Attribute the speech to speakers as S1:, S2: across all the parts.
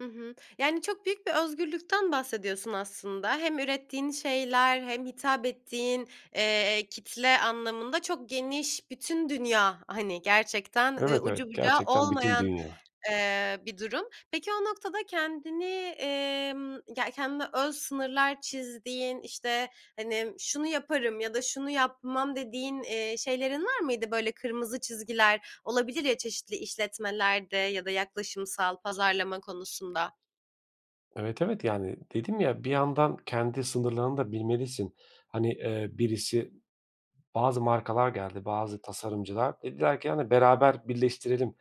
S1: Hı hı. Yani, çok büyük bir özgürlükten bahsediyorsun aslında. Hem ürettiğin şeyler hem hitap ettiğin, eee, kitle anlamında çok geniş bütün dünya, hani, gerçekten, ııı,
S2: Evet, evet,
S1: ucu bucağı
S2: gerçekten bütün
S1: olmayan,
S2: dünya.
S1: eee, bir durum. Peki o noktada kendini, emm ya, kendine öz sınırlar çizdiğin, işte, hani, şunu yaparım ya da şunu yapmam dediğin, eee, şeylerin var mıydı böyle kırmızı çizgiler olabilir ya, çeşitli işletmelerde ya da yaklaşımsal pazarlama konusunda?
S2: Evet, evet, yani, dedim ya, bir yandan kendi sınırlarını da bilmelisin. Hani, eee, birisi bazı markalar geldi, bazı tasarımcılar dediler ki: "Hani beraber birleştirelim.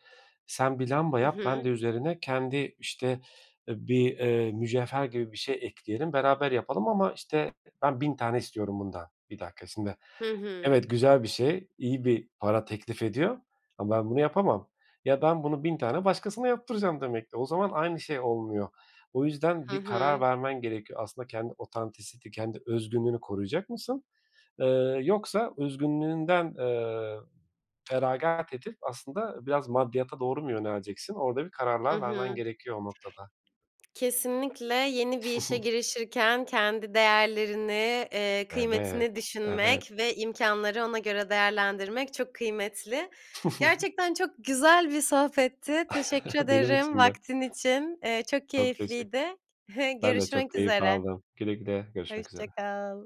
S2: Sen bir lamba
S1: Hı
S2: yap, ben
S1: hı.
S2: de üzerine kendi, işte, eee, bir, eee, mücevher gibi bir şey ekleyelim, beraber yapalım ama, işte, ben 1.000 tane istiyorum bundan." 1 dakika şimdi.
S1: Hı hı.
S2: Evet, güzel bir şey. İyi bir para teklif ediyor ama ben bunu yapamam. Ya, ben bunu 1.000 tane başkasına yaptıracağım demek ki. O zaman aynı şey olmuyor. O yüzden
S1: Hı
S2: bir karar
S1: hı.
S2: vermen gerekiyor. Aslında kendi otantisiti, kendi özgünlüğünü koruyacak mısın, ııı, yoksa özgünlüğünden, eee, feragat edip aslında biraz maddiyata doğru mu yöneleceksin? Orada bir
S1: Hı
S2: kararlar
S1: hı.
S2: vermen gerekiyor o noktada.
S1: Kesinlikle yeni bir işe girişirken kendi değerlerini, eee,
S2: Evet,
S1: kıymetini
S2: evet.
S1: düşünmek ve imkânları ona göre değerlendirmek çok kıymetli. Gerçekten çok güzel bir sohbetti, teşekkür
S2: Benim
S1: ederim
S2: için de.
S1: vaktin için, eee, çok
S2: Çok teşekkür
S1: keyifliydi.
S2: Ben de çok
S1: Görüşmek
S2: keyif
S1: üzere.
S2: aldım. Güle güle, görüşmek
S1: Hoşça
S2: üzere.
S1: kal.